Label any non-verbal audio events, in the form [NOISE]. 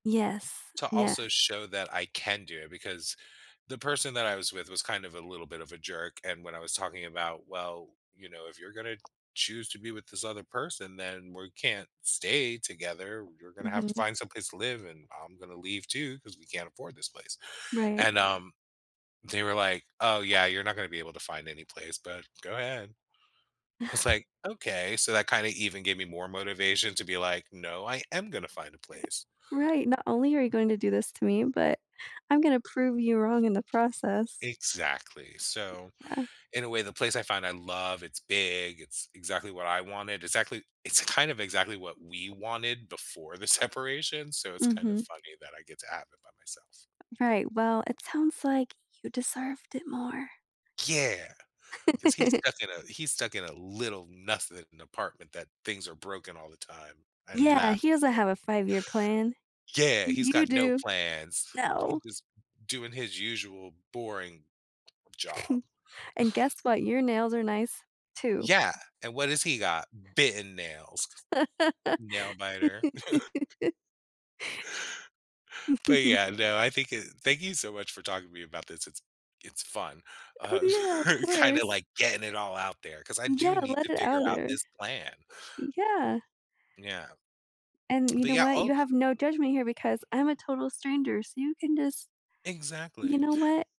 Yes. To Yes. also show that I can do it, because the person that I was with was kind of a little bit of a jerk, and when I was talking about, well, you know, if you're gonna choose to be with this other person, then we're can't stay together, you're gonna have to Mhm. find some place to live, and I'm gonna leave too, 'cause we can't afford this place, Right. and, um, they were like, "Oh, yeah, you're not gonna be able to find any place, but go ahead." I was [CHUCKLES] like, "Okay." So, that kinda even gave me more motivation to be like, "No, I am gonna find a place." [CHUCKLES] Right, "not only you are going to do this to me, but I'm gonna prove you wrong in the process." Exactly, so Yeah. in a way, the place I find I love, it's big, it's exactly what I wanted, exactly It's kind of exactly what we wanted before the separation, so it's kind of Mhm. funny that I get to have it by myself. Right, well, it sounds like you deserved it more. Yeah! 'Cause he's stuck [CHUCKLES] in a he's stuck in a little nothing apartment that things are broken all the time. I Yeah, laugh he doesn't at him. have a five-year-plan. Yeah! He's You got no do. plans. No. He was d doing his usual boring job. [CHUCKLES] And guess [CHUCKLES] what? Your nails are nice, too. Yeah, and what has he got? Bitten nails, 'cause it Nail biter. [CHUCKLES] [LAUGHS] But, [CHUCKLES] yeah, no, I think it Thank you so much for talking to me about this, it's it's fun. Oh, Uh yeah, of [CHUCKLES] kinda course. like getting it all out there 'cause I do Yeah, need let to it figure out, out er this plan. Yeah. Yeah. And you But, know yeah, what? oh You have no judgment here because I'm a total stranger, so you can just You Exactly. know what